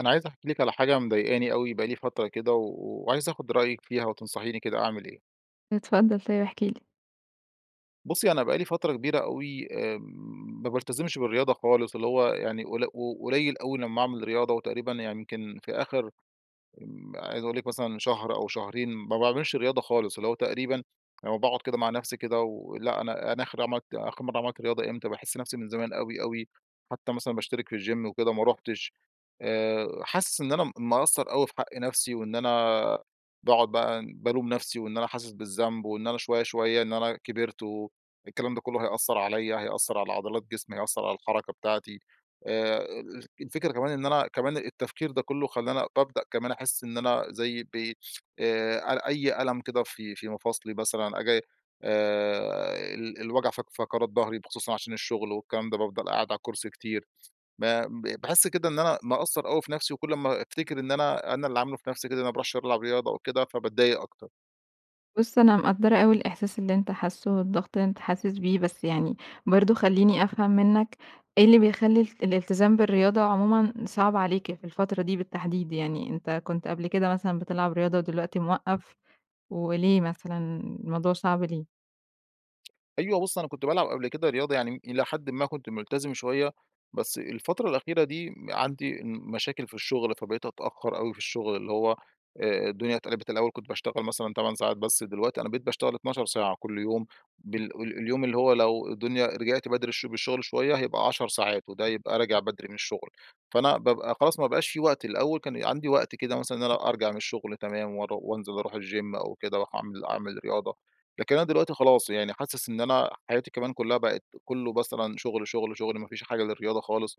أنا عايز أحكي لِك على حاجة مضايقاني أوي بقى لي فترة كده، و وعايز آخد رأيك فيها وتنصحيني كده أعمل إيه. اتفضل طيب احكِ لي. بُصّي، أنا بقى لي فترة كبيرة أوي آآ، ما بالتزمش بالرياضة خالص، اللي هو يعني قل قليل أوي لمّا أعمل رياضة، وتقريبًا يعني يمكن في آخر آمم، عايز أقول لِك مثلًا شهر أو شهرين ما باعملش رياضة خالص، اللي هو تقريبًا لمّا باقعد كده مع نَفسي كده ولأ أنا أنا آخر عملت آخر مَرّة عملت رياضة إمتى؟ باحس نَفسي من زمان أوي أوي، حتّى مثلًا باشترك في الGym وكده ما رُحتش، آآ، حاسس إن أنا م مقصّر أوي في حق نَفسي، وإن أنا باقعد بقى بالوم نَفسي وإن أنا حاسس بالذنب، وإن أنا شوية شوية إن أنا كبرت والكلام ده كلّه هيأثر عليَّ، هيأثر على عضلات جسمي، هيأثر على الحركة بتاعتي، آآ، ال الفكرة كمان إن أنا كمان التفكير ده كلّه خلاني بابدأ كمان أحس إن أنا زي [unintelligible] آآ، أ أي ألم كده في في مفاصلي مثلًا آجي، آآ، ال الوجع فق فقرات ضهري بخصوصًا عشان الشغل والكلام ده، بافضل قاعد على الكرسي كتير، ب ب باحس كده إن أنا مقصّر أوي في نَفسي، وكُلّ أما أفتكر إن أنا أنا اللي عامله في نَفسي كده، أنا ما باروحش ألعب رياضة وكده، فباتضايق أكتر. بُص أنا مقدّرة أوي الإحساس اللي أنتَ حاسُّه، والضغط اللي أنت حاسس بيه، بس يعني برضو خلِّيني أفهم منك، إيه اللي بيخلِّي ال الالتزام بالرِّياضة عُمومًا صعب عليك في الفترة دي بالتَّحديد؟ يعني أنتَ كُنت قبل كده مثلًا بتلعب رياضة ودلوقتي مِوَقِّّف، وليه مثلًا الموضوع صعب ليه؟ أيوه، بُص أنا كنت بالعب قبل كده رياضة، يعني إلى حدٍ ما كنت مُلتزم شوية، بس الفترة الأخيرة دي م عندي مشاكل في الشُغل، فبقيت أتأخر أوي في الشُغل اللي هو آآ الدنيا اتقلبت، الأول كنت باشتغل مثلًا 8 ساعات، بس دلوقتي أنا بقيت باشتغل 12 ساعة كُلّ يوم، بال ال اليوم اللي هو لو الدنيا رجعت بدري الش بالشغل شوية هيبقى 10 ساعات، وده يبقى راجع بدري من الشُغل، فأنا بابقى خلاص ما بقاش في وقت، الأول كان عندي وقت كده مثلاً إن أنا أرجع من الشغل تمام، وأرو وأنزل أروح الGym أو كده، أروح أعمل أعمل رياضة، لكن أنا دلوقتي خلاص يعني حاسِس إن أنا حياتي كمان كُلّها بقت كُلّه مثلًا شُغل، شُغل، شُغل ما فيش حاجة للرِّياضة خالص،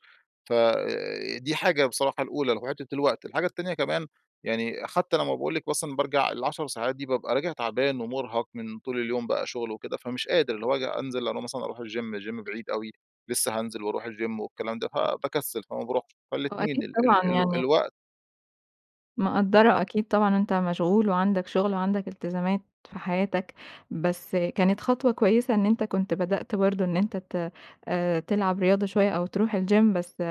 ف آآ دي حاجة بصراحة الأولى اللي هو حِتّة الوقت، الحاجة التانية كمان يعني حتى لما باقول لِك مثلًا بارجع ال10 ساعات دي بابقى راجع تعبان ومرهق من طول اليوم بقى شُغل وكده، فمش قادر، اللي هو آجي أنزل أنا مثلًا أرُوح الGym الGym بعيد أوي، لسه هانزل وأرُوح الGym والكلام ده، ف باكسل، فما بارُوحش آه، أكيد فالاتنين، ال ال طبعًا ال يعني الوقت مِقدّرة أكيد طبعًا أنت مشغول، وعندك شغل وعندك التزامات في حياتك. بس كانت خطوة كويسة إن أنت كنت بدأت برضه إن أنت ت آآ تلعب رياضة شوية، أو تروح الgym، بس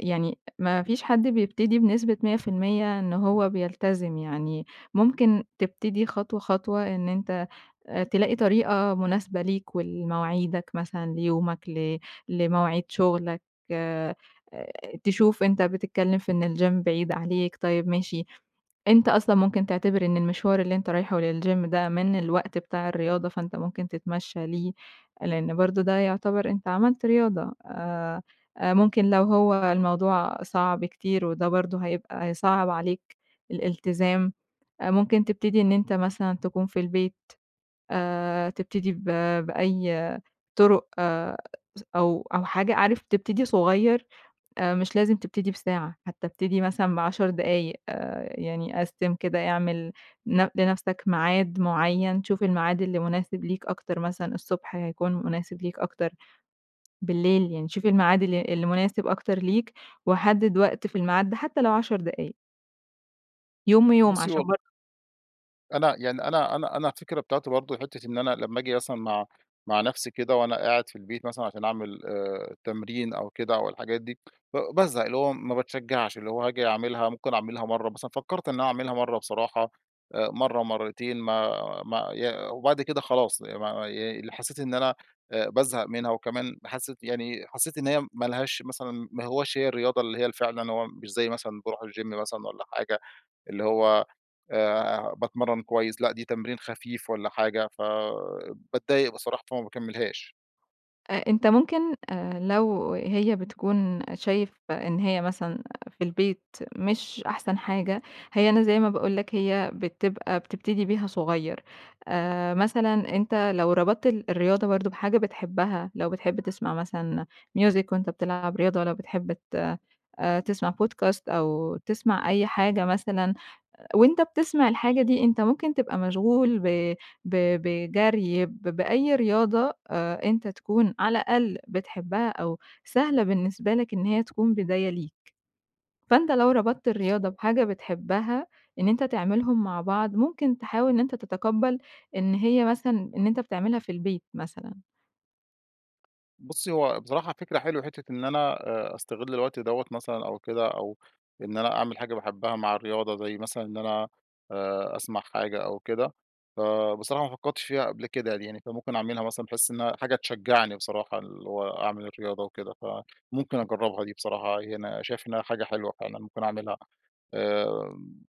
يعني ما فيش حد بيبتدي بنسبة 100% إن هو بيلتزم. يعني ممكن تبتدي خطوة، خطوة إن أنت أ تلاقي طريقة مناسبة ليك، ولمواعيدك مثلًا ليومك، ل لمواعيد شغلك أ تشوف أنت بتتكلّم في إن الgym بعيد عليك طيب ماشي، أنت أصلًا ممكن تعتبر إن المشوار اللي أنت رايحه للgym ده من الوقت بتاع الرياضة. فأنت ممكن تتمشّى ليه. لإن برضه ده يعتبر أنت عملت رياضة. أ أ ممكن لو هو الموضوع صعب كتير وده برضه هيبقى هيصعّب عليك الالتزام. أ ممكن تبتدي إن أنت مثلًا تكون في البيت آآ تبتدي ب بأي طُرُق س أو أو حاجة. عارف تبتدي صغير أ مش لازم تبتدي بساعة. حتّى ابتدي مثلًا ب10 دقايق. آآ يعني قسّم كده اعمل ن لنفسك ميعاد معيّن. شوف الميعاد اللي مناسب ليك أكتر مثلًا الصبح هيكون مناسب ليك أكتر، بالليل. يعني شوف الميعاد ال اللي مناسب أكتر ليك، وحدد وقت في الميعاد ده حتّى لو 10 دقايق. يوم ويوم بُصّي عشان والل بر أنا يعني أنا -أنا أنا الفكرة بتاعتي برضه حتة إن أنا لما آجي مثلًا مع مع نفسي كده وأنا قاعد في البيت مثلًا عشان أعمل آآ، التمرين أو كده أو الحاجات دي، ب بازهق، اللي هو ما باتشجَّعش. اللي هو هاجي أعملها ممكن أعملها مرة مثلًا، فكرت إن أنا أعملها مرة بصراحة، مرة مرتين، ما ما ي وبعد كده خلاص ما ما ي حسيت إن أنا بازهق منها. وكمان حسِّيت يعني حسِّيت إن هي ما لهاش مثلًا، ما هوّاش هي الرياضة اللي هي فعلًا. هو مش زي مثلًا باروح الGym مثلًا والّا حاجة، اللي هو آآ باتمرن كويس، لا دي تمرين خفيف والّا حاجة. فباتضايق بصراحة، فما باكملهاش. أنتَ ممكن لو هي بتكون شايف إن هي مثلًا في البيت مش أحسن حاجة، هي أنا زي ما باقول لك هي بتبقى بتبتدي بيها صغير. آآ، مثلًا أنتَ لو ربطت ال الرياضة برضه بحاجة بتحبها، لو بتحب تسمَع مثلًا ميوزيك وأنتَ بتلعب رياضة، والّا بتحب ت تسمَع بودكاست أو تسمَع أي حاجة مثلًا، وأنتَ بتسمَع الحاجة دي، أنتَ ممكن تبقى مشغول ب ب بجري ب بأي رياضة آآ، أنتَ تكون على الأقل بتحبها أو سهلة بالنسبة لك، إن هي تكون بداية ليك. فأنتَ لو ربطت بص الرياضة بحاجة بتحبها، إن أنتَ تعملهم مع بعض، ممكن تحاول إن أنتَ تتقبَّل إن هي مثلًا إن أنتَ بتعملها في البيت مثلًا. بُصّي، هو بصراحة فكرة حلوة، حتّة إن أنا أ أستغل الوقت دوّة مثلًا أو كده. أو إن أنا أعمل حاجة باحبها مع الرياضة زي مثلًا إن أنا آآ أسمع حاجة أو كده. فبصراحة ما فكّرتش فيها قبل كده يعني. فممكن أعملها مثلًا بحيث إنّها حاجة تشجّعني بصراحة اللي هو أعمل الرياضة وكده. فممكن أجرّبها دي بصراحة ي أنا شايف إن حاجة حلوة فعلًا ممكن أعملها. آآ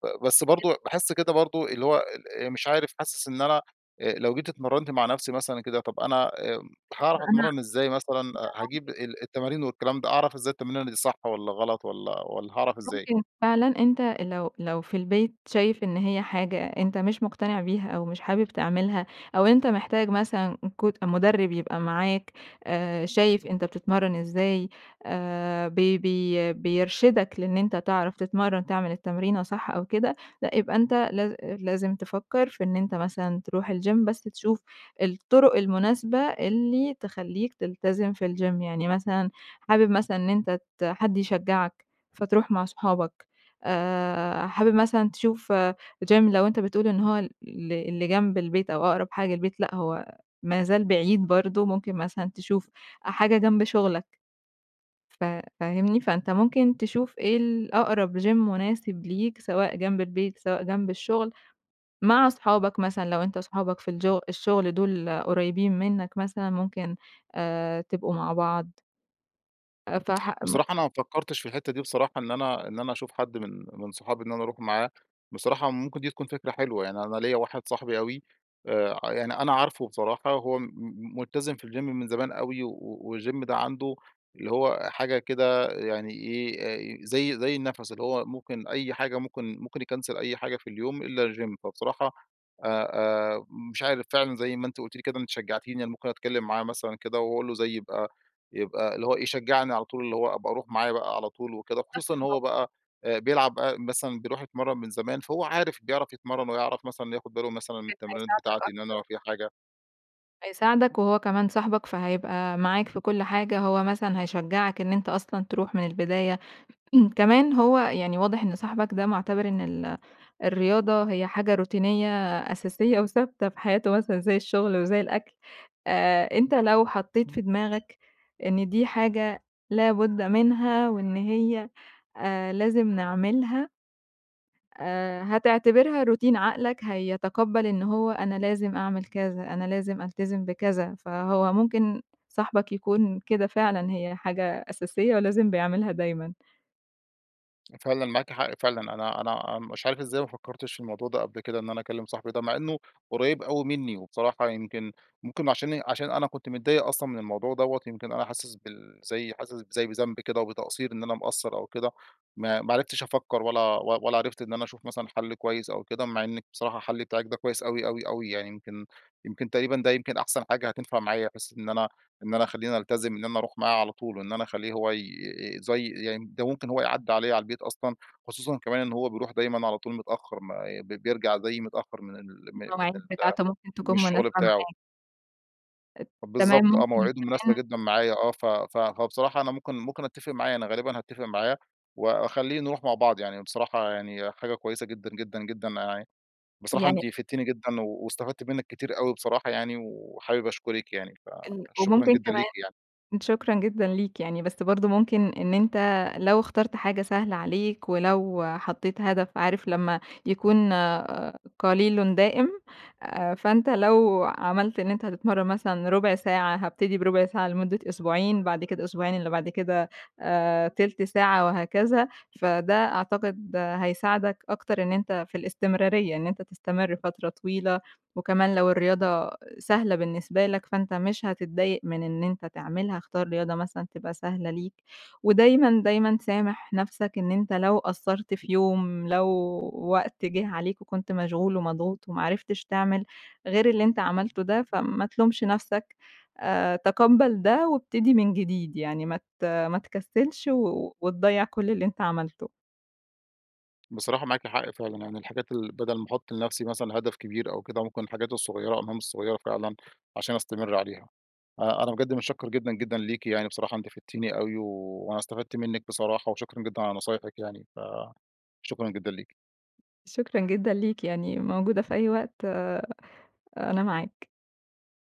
ب بس [unintelligible] برضه باحس كده برضه اللي هو ال أ مش عارف حاسس إن أنا أ لو جيت اتمرّنت مع نفسي مثلًا كده، طب أنا أ بحُكم هاعرف أنا أتمرّن إزاي مثلًا، أ هاجيب [unintelligible] ال التمارين والكلام ده أعرف إزاي التمرينة دي صح والّا غلط والّا والّا هاعرف إزاي؟ ممكن فعلًا أنت أ لو لو في البيت شايف إن هي حاجة أنت مش مُقتنع بيها أو مش حابب تعملها أو أنت محتاج مثلًا كوت مُدرّب يبقى معاك، آآ شايف أنت بتتمرّن إزاي آآ بي بي بيرشدك لإن أنت تعرف تتمرّن تعمل التمرينة صح أو كده، لأ يبقى أنت لاز أ لازم تفكّر في إن أنت مثلًا تروح الgym بس تشوف الطُرُق المناسبة اللي تخلّيك تلتزم في الgym. يعني مثلًا حابب مثلًا إن أنت ت حد يشجّعك فتروح مع صحابك. آآ حابب مثلًا تشوف gym لو أنت بتقول إن هو ال اللي اللي جنب البيت أو أقرب حاجة للبيت لأ، هو ما زال بعيد برضه. ممكن مثلًا تشوف أ حاجة جنب شغلك. ف فاهمني؟ فأنت ممكن تشوف إيه الأقرب gym مناسب ليك سواء جنب البيت، سواء جنب الشغل. مع صحابك مثلًا لو أنت صحابك في الجو الشغل دول قريبين منّك مثلًا ممكن آآ تبقوا مع بعض. آآ، فح م بصراحة، أنا ما فكرتش في الحتة دي بصراحة، إن أنا إن أنا أشوف حد من من صحابي إن أنا أروح معاه، بصراحة ممكن دي تكون فكرة حلوة يعني، أنا ليّا واحد صاحبي أوي آآ، يعني أنا عارفه بصراحة، هو م ملتزم في الGym من زمان أوي، و والGym ده عنده اللي هو حاجة كده يعني إيه، آآ، زي زي النَفَس اللي هو ممكن أي حاجة ممكن ممكن يكنسل أي حاجة في اليوم إلا الGym، فبصراحة آآ، آآ، مش عارف فعلًا زي ما أنتِ قلتِ لي كده، أنتِ شجعتيني، أنا ممكن أتكلم معاه مثلًا كده وأقول له زي يبقى يبقى اللي هو إيه يشجعني على طول، اللي هو أبقى أروح معاه بقى على طول وكده، خصوصًا إن هو [unintelligible] بقى آآ، بيلعب مثلًا بيروح يتمرن من زمان، فهو عارف بيعرف يتمرن ويعرف مثلًا ياخد باله مثلًا من كان التمرينات هيساعدك بتاعتي إن أنا أكتر. لو في حاجة. هيساعدك، وهو كمان صاحبك فهيبقى معاك في كُلّ حاجة، هو مثلًا هيشجعك إن أنت أصلًا تروح من البداية، كمان هو يعني واضح إن صاحبك ده مُعتبر إن ال الرياضة هي حاجة روتينية أساسية وثابتة في حياته مثلًا زي الشغل وزي الأكْل، آآ، أنت لو حطيت في دماغك إن دي حاجة لابد منها وإن هي آآ، لازم نعملها آآ، هتعتبرها روتين، عقلك هيتقبل إن هو أنا لازم أعمل كذا، أنا لازم ألتزم بكذا، فهو ممكن صاحبك يكون كده فعلًا، هي حاجة أساسية ولازم بيعملها دايمًا. فعلًا معاكِ حق، فعلًا. أنا أنا مش عارف إزاي ما فكرتش في الموضوع ده قبل كده، إن أنا أكلم صاحبي ده، مع إنه قريب أوي مني. وبصراحة يمكن ممكن عشاني عشان أنا كنت متضايق أصلًا من الموضوع دوّة، يمكن أنا حاسس بال زي حاسس زي بذنب كده وبتقصّير، إن أنا مقصّر أو كده، ما ما عرفتش أفكر ولا و ولا عرفت إن أنا أشوف مثلًا حل كويس أو كده. مع إنِك بصراحة، الحل بتاعِك ده كويس أوي أوي أوي. يعني يمكن يمكن تقريبًا ده يمكن أحسن حاجة هتنفع معايا، بحيث إن أنا إن أنا أخليني ألتزم، إن أنا أروح معاه على طول، وإن أنا أخليه هو ي زي [unintelligible] ده ممكن هو يعدّي عليّا على البيت أصلًا. خصوصًا كمان إن هو بيروح دايمًا على طول متأخر، ما بي بيرجع زيي متأخر من ال من ال المواعيد بتاعته ممكن من تكون مناسبة الشغل بتاعه. معاك. ات تمام بالضبط، آه، ممكن مواعيده مناسبة كمان جدًا معايا. آه، ف ف هو بصراحة أنا ممكن ممكن أتّفق معاه. أنا غالبًا هاتّفق معاه وأخليه نروح مع بعض يعني. بصراحة يعني حاجة كويسة جدًا جدًا جدًا. ع بصراحة يعني أنتِ فدتِني جدًا واستفدت منِك كتير أوي بصراحة، يعني، وحابب أشكرِك يعني. إن فشكرًا وممكن جدًا ليكِ كمان يعني. شكرًا جدًا ليك يعني، بس برضو ممكن إن أنتَ لو اخترت حاجة سهلة عليك، ولو حطيت هدف عارف لما يكون قليلٌ دائم؟ فأنتَ لو عملت إن أنتَ هتتمرّن مثلًا ربع ساعة، هابتدي بربع ساعة لمدة أسبوعين، بعد كده الأسبوعين اللي بعد كده آآ، تِلت ساعة وهكذا. فده أعتقد هيساعدك أكتر إن أنتَ في الاستمرارية، إن أنتَ تستمر فترة طويلة. وكمان لو الرياضة سهلة بالنسبة لك، فأنتَ مش هتتضايَق من إن أنتَ تعملها. اختار رياضة مثلًا تبقى سهلة ليك. ودايمًا، دايمًا سامح نفسك. إن أنتَ لو قصّرت في يوم، لو وقت جه عليك وكنت مشغول ومضغوط، وما عرفتش تعمل غير اللي أنتَ عملته ده، فما تلومش نفسك. آآ، تقبّل ده وابتدي من جديد. يعني ما ت ما تكسلش، وتضيّع كل اللي أنتَ عملته. بصراحة، معاكِ حق فعلًا. يعني الحاجات ال بدل ما أحُط لنفسي مثلًا هدف كبير أو كده، ممكن الحاجات الصغيرة، المهام الصغيرة فعلًا، عشان أستمِر عليها.أ أنا بجد مُتشكر جدًا جدًا ليكِ يعني، بصراحة أنتِ فدتِني أوي، وأنا استفدت منِك بصراحة. وشكرًا جدًا على نصايحِك يعني، فشكرًا جدًا ليكِ. شكرًا جدًا ليك، يعني موجودة في أي وقت آآ، أنا معاك.